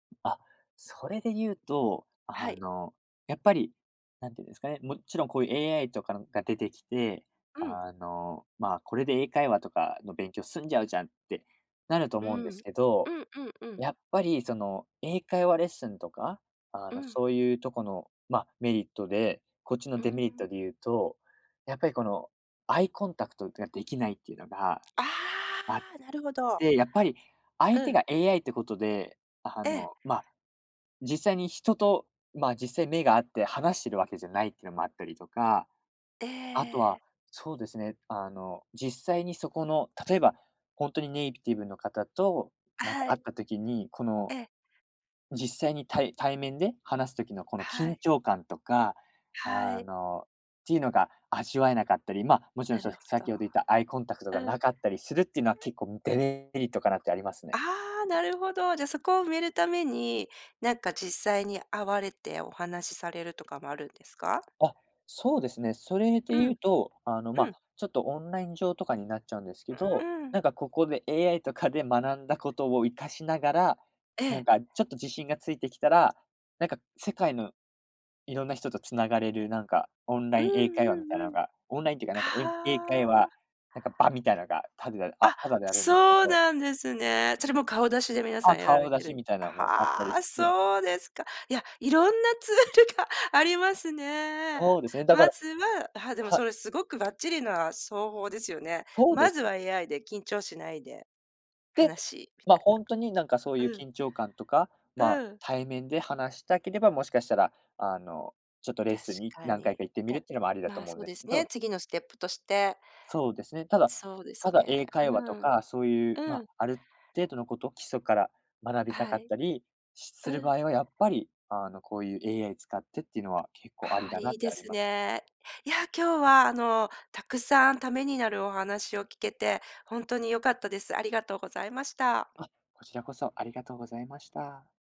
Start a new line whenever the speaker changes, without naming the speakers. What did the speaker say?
あ、それで言うと、
は
あ
い。
の、やっぱり、なんていうんですかね、もちろんこういう AI とかが出てきて、
うん。
あの、ま、これで英会話とかの勉強済んじゃうじゃんってなると
う
思うんです
ん、
け
う
ど、
んうんうん。
やっぱりその、英会話レッスンとか、あ
う
の、
ん。
そういうとこの、ま、メリットで、こっちの
う
デメリット
ん。
で言うと、やっぱりこの、アイコンタクトっていうができないっていうのが
あ
あっ
あ、なるほど。
て、やっぱり、
う
相手
ん。
が AI ってことで、あ
ええ。
の、ま、実際に人と、ま、実際目が合って話してるわけじゃないっていうのもあったりとか、
え
あとは
え。
そうですね、あの、実際にそこの例えばほんとにネイティブの方と、
あ、
なんか
は
会っ
い。
た時に、この、
ええ。
実際にたい対面で話すときのこの
は
緊
い。
張感とか、
は
あ
い。
の、っていうのが味わえなかったり、ま、もちろ
な
ん
る
その、
ほど。
先ほど言ったアイコンタクトが
うん。
なかったりするっていうのは
[unintelligible]
結構デメリットかなってあります
あ
ね。
あ、なるほど。じゃ、そこを埋めるために、なんか、実際に会われてお話されるとかもあるんですか？
あ、そうですね。それで
うん。
言うと、あの、
う
ま、
ん。
ちょっとオンライン上とかになっちゃうんですけ
う、う
ど、な
ん。
んかここで AI とかで学んだことを生かしながら、
え
な
え。
んかちょっと自信がついてきたら、なんか世界の色んな人と繋がれる、なんか、オンラ
うん、
イン英会話
う
みたい
ん、う
の
ん。
が、オンラインっていうか、なんか英英会
あ
話、
あ。
なんか場みたいのが、たでだあ、
あ、
タダであるんですけ
そう
ど。
なんですね。それも顔出しで皆さ
あ、
んやられ
顔出
て
し
る。
みたい
あ
なもあったり
は、
して。
そうですか。いや、いろんなツールがありますね。
そうですね、だか
ま
ら、
ずは、あは、でも
は
それすごくばっちりな、そうほうですよね。
そうで
ま
す
ずは
ね。
AI で緊張しないで。
で、
話みた
ま、
い
ほんとになんか、そう
な。
いう
うん。
緊張感とか、
う
ま、
ん。
対面で話したければ、もしかしたら、あの、ちょっとレッスンに
確か
何回
に。
か行ってみ
か
るっていうのもありだ
ま
と
あ
思うん
そう
で
で
す
す
け
ね、
ど。
次のステップとして。
そうですね、ただ、
そうです
ただ
ね。
英会
う
話と
ん。
か、そういう、
う
ま、
ん。
ある程度のこと、基礎から学びた
は
かっ
い。
たりする
うん。
場合はやっぱりあのこういう AI 使ってっていうのは結構あり
ああ、
だな
い
っ
い
て
で
あり
す
ます。
ね。いや、今日はあのたくさん為になるお話を聞けて、ほんとに良かったです。ありがとうございました。
あ、こちらこそありがとうございました。